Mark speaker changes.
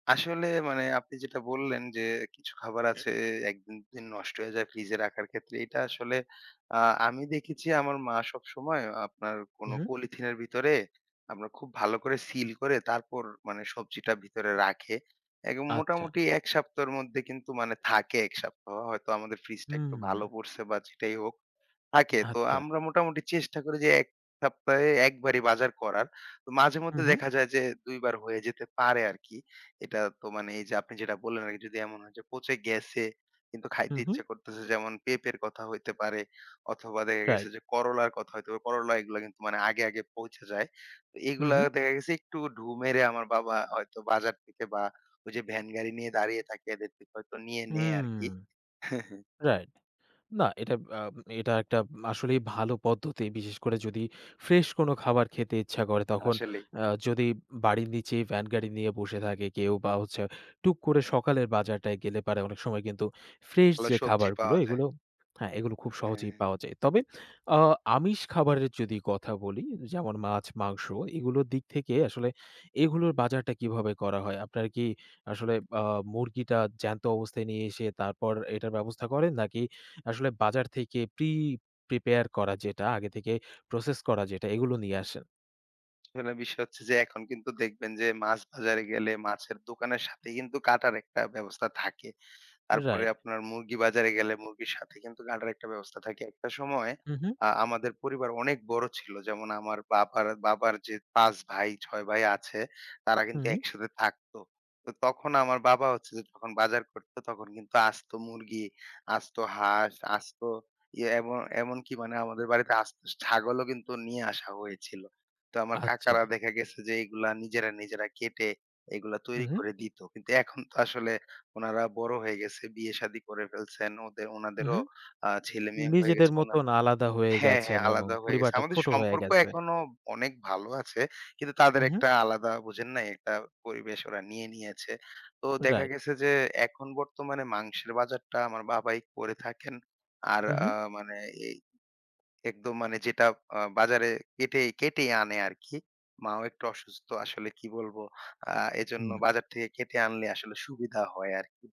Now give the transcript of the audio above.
Speaker 1: আসলে মানে আপনি যেটা বললেন যে, কিছু খাবার
Speaker 2: হুম।
Speaker 1: আছে ১ দিন, ২ দিন নষ্ট হয়ে যায় ফ্রিজে রাখার ক্ষেত্রে। এটা আসলে আ আমি দেখেছি আমার মা সবসময় আপনার
Speaker 2: হু,
Speaker 1: কোনো
Speaker 2: হু।
Speaker 1: পলিথিনের ভিতরে, আপনার খুব ভালো করে সিল করে তারপর মানে সবজিটা ভিতরে রাখে এবং
Speaker 2: আচ্ছা।
Speaker 1: মোটামুটি ১ সপ্তাহের মধ্যে কিন্তু মানে থাকে ১ সপ্তাহ। হয়তো আমাদের ফ্রিজটা একটু
Speaker 2: হুম।
Speaker 1: ভালো পড়ছে বা যেটাই হোক, থাকে। তো
Speaker 2: আচ্ছা।
Speaker 1: আমরা মোটামুটি চেষ্টা করি যে ১ সপ্তাহে ১ বারই বাজার করার। তো
Speaker 2: হু,
Speaker 1: মাঝে-মধ্যে
Speaker 2: হু।
Speaker 1: দেখা যায় যে, ২ বার হয়ে যেতে পারে আরকি। এটা তো মানে এই যে আপনি যেটা বললেন আরকি যদি এমন হয় যে, পচে গেছে, কিন্তু
Speaker 2: হু,
Speaker 1: খাইতে
Speaker 2: হু।
Speaker 1: ইচ্ছা করতেছে। যেমন পেঁপের কথা হইতে পারে অথবা দেখা
Speaker 2: রাইট।
Speaker 1: গেছে যে, করলার কথা হইতে পারে। করলা এগুলা কিন্তু মানে আগে, আগে পোঁচে যায়।
Speaker 2: হু,
Speaker 1: এগুলা
Speaker 2: হু।
Speaker 1: দেখা গেছে একটু ঢু মেরে আমার বাবা হয়তো বাজার থেকে বা ওই যে ভ্যান গাড়ি নিয়ে দাঁড়িয়ে থাকে, এদের থেকে হয়তো নিয়ে নেয়
Speaker 2: হুম
Speaker 1: আরকি।
Speaker 2: রাইট। না, এটা আ এটা একটা উম আসলেই ভালো পদ্ধতি। বিশেষ করে যদি ফ্রেশ কোনো খাবার খেতে ইচ্ছা করে, তখন
Speaker 1: আসলেই।
Speaker 2: আ যদি বাড়ির নিচে ভ্যান গাড়ি নিয়ে বসে থাকে কেউ বা হচ্ছে, টুক করে সকালে বাজারটায় গেলে পারে অনেক সময় কিন্তু ফ্রেশ
Speaker 1: ভালো
Speaker 2: যে
Speaker 1: সবজি
Speaker 2: খাবারগুলো,
Speaker 1: পাওয়া যায়।
Speaker 2: এগুলো হ্যাঁ, এগুলো খুব সহজেই
Speaker 1: হ্যাঁ।
Speaker 2: পাওয়া যায়। তবে আ আমিষ খাবারের যদি কথা বলি, যেমন মাছ, মাংস এগুলোর দিক থেকে আসলে এগুলোর বাজারটা কিভাবে করা হয়? আপনার কি আসলে আ মুরগিটা জ্যান্ত অবস্থায় নিয়ে এসে তারপর এটার ব্যবস্থা করেন, নাকি আসলে বাজার থেকে প্রি-প্রিপেয়ার করা যেটা আগে থেকে প্রসেস করা যেটা, এগুলো নিয়ে আসেন?
Speaker 1: আসলে বিষয় হচ্ছে যে এখন কিন্তু দেখবেন যে, মাছ বাজারে গেলে মাছের দোকানের সাথে কিন্তু কাটার একটা ব্যবস্থা থাকে। তারপরে
Speaker 2: রাইট।
Speaker 1: আপনার মুরগি বাজারে গেলে মুরগির সাথে কিন্তু কাটার একটা ব্যবস্থা থাকে। একটা সময়
Speaker 2: হু, হু।
Speaker 1: আ আমাদের পরিবার অনেক বড় ছিল। যেমন আমার বাবার, বাবার যে ৫ ভাই, ৬ ভাই আছে, তারা কিন্তু
Speaker 2: হুম।
Speaker 1: একসাথে থাকত। তো তখন আমার বাবা হচ্ছে যে যখন বাজার করত, তখন কিন্তু আস্ত মুরগি, আস্ত হাস। আস্ত এইয়ে এমন এমনকি মানে আমাদের বাড়িতে আস্ত ছাগলও কিন্তু নিয়ে আসা হয়েছিল। তো আমার কাকারা
Speaker 2: আচ্ছা।
Speaker 1: দেখা গেছে যে, এগুলা নিজেরা, নিজেরা কেটে এগুলা
Speaker 2: হু,
Speaker 1: তৈরি
Speaker 2: হু।
Speaker 1: করে দিত। কিন্তু এখন তো আসলে ওনারা বড় হয়ে গেছে। বিয়ে শাদি করে ফেলছেন। এন ওদের
Speaker 2: হু, হু।
Speaker 1: উনাদেরও আ ছেলে-মেয়ে হয়ে
Speaker 2: নিজেদের
Speaker 1: গেছে। অন্যান্য
Speaker 2: মতন আলাদা হয়ে
Speaker 1: হ্যাঁ, হ্যাঁ,
Speaker 2: গেছেন এবং
Speaker 1: আলাদা হয়ে গেছে।
Speaker 2: পরিবারটা
Speaker 1: আমাদের
Speaker 2: ছোট হয়ে
Speaker 1: সম্পর্ক
Speaker 2: গেছে।
Speaker 1: এখনো অনেক ভালো আছে। কিন্তু তাদের
Speaker 2: উহু।
Speaker 1: একটা আলাদা, বোঝেন নাই? একটা পরিবেশ ওরা নিয়ে নিয়েছে। তো দেখা
Speaker 2: রাইট।
Speaker 1: গেছে যে, এখন বর্তমানে মাংসের বাজারটা আমার বাবাই করে থাকেন। আর আ
Speaker 2: উহু।
Speaker 1: মানে এই একদম মানে যেটা আ বাজারে কেটেই, কেটেই আনে আরকি। মাও একটু অসুস্থ, আসলে কি বলব? আ এজন্য
Speaker 2: হুম।
Speaker 1: বাজার থেকে কেটে আনলে আসলে সুবিধা হয় আরকি।